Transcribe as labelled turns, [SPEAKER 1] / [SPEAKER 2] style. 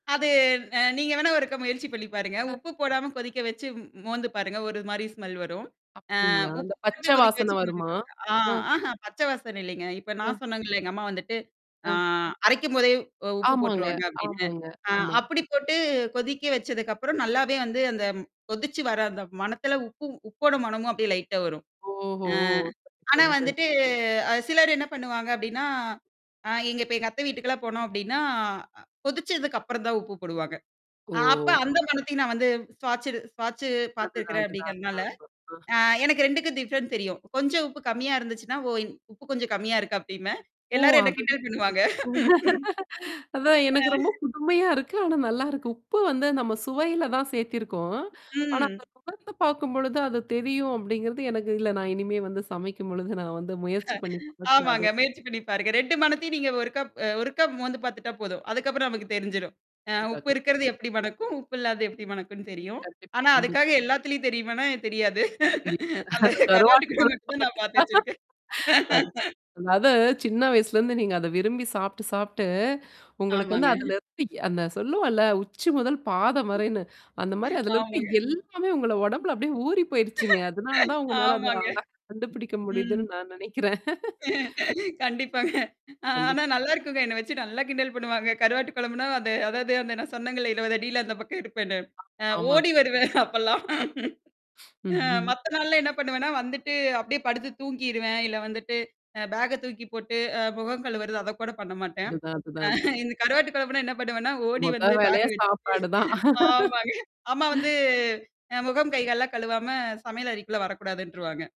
[SPEAKER 1] அது அ நீங்க வேணா ஒருக்க முயற்சி பண்ணி பாருங்க.
[SPEAKER 2] அ.
[SPEAKER 1] உப்பு போடாம கொதிக்க வச்சு மோ மோந்து பாருங்க. ஒரு மாரி ஸ்மெல் வரும். அ
[SPEAKER 2] அப்டீங்களா?
[SPEAKER 1] உப்பு
[SPEAKER 2] இந்த
[SPEAKER 1] போட்டு
[SPEAKER 2] பச்சை
[SPEAKER 1] கொதிக்க
[SPEAKER 2] வாசனை
[SPEAKER 1] வச்சு
[SPEAKER 2] வருமா?
[SPEAKER 1] [unintelligible] ஆ
[SPEAKER 2] அ.
[SPEAKER 1] ஆஹா பச்சை வாசனை இலைங்க. இப்ப நான்
[SPEAKER 2] அ.
[SPEAKER 1] சொன்னேங்கள்ல எங்க அம்மா வந்துட்டு. ஆ
[SPEAKER 2] அ.
[SPEAKER 1] அரைக்கும்போதே உ உப்பு
[SPEAKER 2] ஆமாங்க,
[SPEAKER 1] போட்டுருவாங்க அப்படின்னு.
[SPEAKER 2] ஆமாங்க
[SPEAKER 1] அ
[SPEAKER 2] ஆமா.
[SPEAKER 1] அப்படி போட்டு கொதிக்க வச்சதுக்கப்புறம் நல்லாவே வந்து அந்த கொதிச்சு வர அந்த மணத்தில, உப்பு உப்போட மணமும் அப்படியே லைட்டா வரும்.
[SPEAKER 2] ஓஹோ
[SPEAKER 1] ஆ.
[SPEAKER 2] ஓ!
[SPEAKER 1] ஆனா
[SPEAKER 2] சரி சரி.
[SPEAKER 1] வந்துட்டு அ அ சிலர் என்ன பண்ணுவாங்க அப்ப்டின்னா ஆ எங்க இப்ப எங்க அத்த வீட்டுக்கெல்லாம் போனோம் அப்ப்டின்னா கொதிச்சதுக்கு அப்புறம் தான் உப்பு போடுவாங்க. அப்ப
[SPEAKER 2] ஓ!
[SPEAKER 1] அந்த மனத்தையும் நான் வந்து ஸ்வாச்சு ஸ்வாட்சு
[SPEAKER 2] அதுதான்,
[SPEAKER 1] பார்த்துருக்கிறேன்
[SPEAKER 2] அதுதான்.
[SPEAKER 1] அப்படிங்கிறனால,
[SPEAKER 2] அதான் அதான்.
[SPEAKER 1] அ
[SPEAKER 2] ஆ.
[SPEAKER 1] எனக்கு 2 டிஃப்ரெண்ட் தெரியும். கொஞ்சம் உப்பு கம்மியா இருந்துச்சுன்னா, ஓ உப்பு கொஞ்சம் கம்மியா இருக்கு அப்படின்பே.
[SPEAKER 2] ஓ!
[SPEAKER 1] எல்லாரும் என்ன
[SPEAKER 2] அது
[SPEAKER 1] கிண்டல் பண்ணுவாங்க.
[SPEAKER 2] அதான் எனக்கு ரொம்ப
[SPEAKER 1] ஆ.
[SPEAKER 2] புதுமையா இருக்கு. ஆனா நல்லாயிருக்கு. உப்பு வந்து நம்ம சுவையில தான் சேர்த்திருக்கோம். ஆனா
[SPEAKER 1] ம்.
[SPEAKER 2] முகர்ந்து பார்க்கும்பொழுது அது தெரியும் அப்படிங்கிறது எனக்கு இல்ல. நான் இனிமே வந்து சமைக்கும்பொழுது நான் வந்து முயற்சி பண்ணி பாக்குறேன்
[SPEAKER 1] ஆமாங்க
[SPEAKER 2] அதே.
[SPEAKER 1] முயற்சி பண்ணி பாருங்க. 2 மனத்தையும் நீங்க ஒருக்கப் ஒருக்கப் மோந்து பார்த்துட்டா போதும். அதுக்கப்புறம் நமக்கு தெரிஞ்சிடும். அ உப்பு இருக்கிறது
[SPEAKER 2] [unintelligible]
[SPEAKER 1] எப்படி மனக்கும், உப்பு இல்லாத எப்படி மனக்குன்னு தெரியும்.
[SPEAKER 2] கண்டிப்பா,
[SPEAKER 1] ஆனா
[SPEAKER 2] கண்டிப்
[SPEAKER 1] அதுக்காக எல்லாத்துலயும் தெரியுமனா தெரியாது.
[SPEAKER 2] [unintelligible]
[SPEAKER 1] அந்த
[SPEAKER 2] அந்த கருவாட்டு
[SPEAKER 1] கருவாட்டுக்கு மட்டும் தான்
[SPEAKER 2] கொழுப்பட்டு.
[SPEAKER 1] நான் பார்த்து வச்சிருக்கேன்.
[SPEAKER 2] அ. அதது சின்ன வயசுலேருந்து நீங்க அத விரும்பி சாப்ட்டு சாப்ட்டு, உங்களுக்கு வந்து
[SPEAKER 1] ஆமாங்க.
[SPEAKER 2] அதல இருந்து அந்த சொல்லுவோல, உச்சி முதல் பாத வரைன்னு அந்த மாரி அதுல இருக்க
[SPEAKER 1] ஆமாங்க.
[SPEAKER 2] எல்லாமே உங்கள உடம்புல அப்படியியே ஊறி போயடுச்சுங்க. அதனால தான் உங்களால அத
[SPEAKER 1] ஆமாங்க.
[SPEAKER 2] அழகா கண்டுபிடிக்க
[SPEAKER 1] ம்.
[SPEAKER 2] முடியுதுன்னு நான் நினைக்கிறேன்.
[SPEAKER 1] கண்டிப்பாங்க. அ
[SPEAKER 2] கண்டிப்
[SPEAKER 1] ஆனா நல்லாருக்குங்க. என்ன வச்சு நல்லா கிண்டல் பண்ணுவாங்க. கருவாட்டு குழம்புனா அது அதாவது அந்த நான் சொன்னேங்க 20 அடியில அந்த பக்கம் இருப்பேன்னு.
[SPEAKER 2] அ.
[SPEAKER 1] அ
[SPEAKER 2] ஆமா, ஆமா.
[SPEAKER 1] ஓடி வருவேன் அப்பல்லாம்.
[SPEAKER 2] ம்,
[SPEAKER 1] அ
[SPEAKER 2] ம்.
[SPEAKER 1] மத்த நாள்ல என்ன பண்ணுவேன்னா, வந்துட்டு அப்படியியே படுத்து தூங்கிருவேன். இல்ல வந்துட்டு அ பேக்க தூக்கி போட்டு அ முகம் கழுவறது அத கூட பண்ண மாட்டேன்.
[SPEAKER 2] அதுதான் அதுதான்
[SPEAKER 1] அ
[SPEAKER 2] அதுதான்.
[SPEAKER 1] இந்த கருவாட்டு குழம்புனா என்ன பண்ணுவேன்னா, ஓடி
[SPEAKER 2] மொத
[SPEAKER 1] வந்து பேக்க
[SPEAKER 2] வேலையே
[SPEAKER 1] வச்சுட்டு
[SPEAKER 2] சாப்பாடு தான்.
[SPEAKER 1] ஆமாங்க. அம்மா வந்து அ முகம் கைகால்லாம் கழுவாம சமையல் அறைக்குள்ள வரக்கூடாதுன்றுருவாங்க.